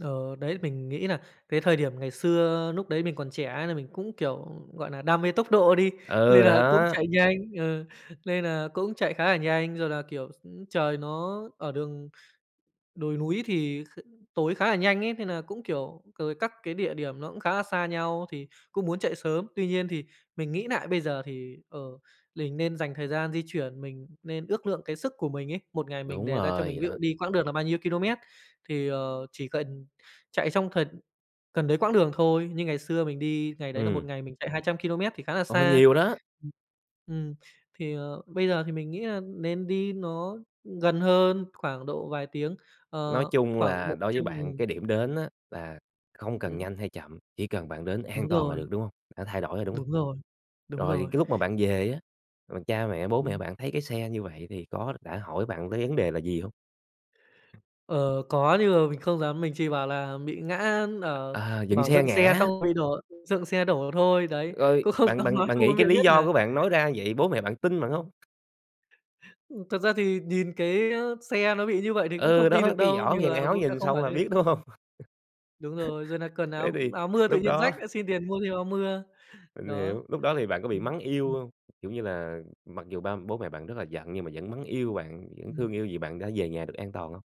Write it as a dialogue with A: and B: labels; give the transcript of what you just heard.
A: Ờ, đấy. Mình nghĩ là cái thời điểm ngày xưa, núc đấy mình còn trẻ nên là mình cũng, kiểu, gọi nà, đam mê tốc độ đi,
B: Ừ,
A: lên là cũng
B: đó.
A: chạy nhanh ờ, lên là cũng chạy khá là nhanh rồi là, kiểu, s trời nó ở đường đồi núi thì kh tối khá là nhanh ấy, nên nà cũng, kiểu rồi các cái địa điểm nó cũng khá là xa nhau thì cũng muốn chạy sớm. Tuy nhiên thì mình nghĩ nại bây giờ thì, ờ, mình nên dành thời gian di chuyển, mình nên ước lượng cái sức của mình ấy, một ngày mình
B: Đúng
A: đề ra cho
B: rồi,
A: mình
B: vậy
A: ví dụ
B: đó.
A: đi quãng đường là bao nhiêu ki-lô-mét thì, ờ, chỉ cần chạy trong thần cần đấy quãng đường thôi. Như ngày xưa mình đi, ngày đấy là một
B: Ừm.
A: ngày mình chạy 200 ki-lô-mét thì khá là
B: Ồ,
A: xa.
B: nhiều đó!
A: Ừm, ừm, thì, ờ, bây giờ thì mình nghĩ là nên đi nó gần hơn, khoảng độ vài tiếng,
B: Nói
A: ờ,
B: chung
A: khoảng
B: là
A: một
B: đối với
A: trăm
B: bạn,
A: nghìn.
B: cái điểm đến á là không cần
A: Ừm.
B: nhanh hay chậm, chỉ cần bạn đến an
A: Đúng
B: toàn là
A: rồi.
B: được, đúng hông? Đã thay đổi rồi, đúng hông?
A: Đúng rồi, đúng
B: Rồi
A: rồi.
B: cái lúc mà bạn về á, rồi cha mẹ, bố mẹ
A: Ừm.
B: bạn thấy cái xe như vậy thì có đã hỏi bạn tới vấn đề là gì hông?
A: Ờ, có nhưng mà mình không dám, mình chỉ bảo là bị ngã, ờ,
B: Ờ, dựng
A: bảo
B: xe
A: dựng xe
B: ngã.
A: xong bị đổ dựng xe đổ thôi, đấy,
B: Rồi
A: cũng không
B: bạn
A: dám
B: bạn
A: nói
B: bạn
A: cho bố
B: nghĩ
A: mẹ
B: cái lý
A: biết
B: do
A: nà
B: của bạn nói ra vậy, bố mẹ bạn tin bạn hông?
A: Ừm, thật ra thì nhìn cái, ơ, xe nó bị như vậy thì cũng
B: Ừ,
A: không tin
B: đó,
A: được
B: cái
A: đâu,
B: vỏ
A: nhưng
B: dàn
A: mà
B: áo
A: bố mẹ
B: nhìn
A: không
B: xong
A: hỏi
B: là
A: thêm,
B: biết, đúng hông?
A: ừm. Đúng rồi, rồi nà cần
B: Thế
A: áo
B: thì
A: áo mưa tự
B: lúc
A: nhiên
B: đó
A: rách, lại xin tiền mua thêm áo mưa.
B: Mình
A: Đó,
B: hiểu, lúc đó thì bạn có bị
A: ừm,
B: mắng yêu
A: ừm.
B: hông? Kiểu như là, mặc dù ba bố mẹ bạn rất là giận nhưng mà vẫn mắng yêu bạn, vẫn
A: Ừm.
B: thương yêu vì bạn đã về nhà được an toàn hông?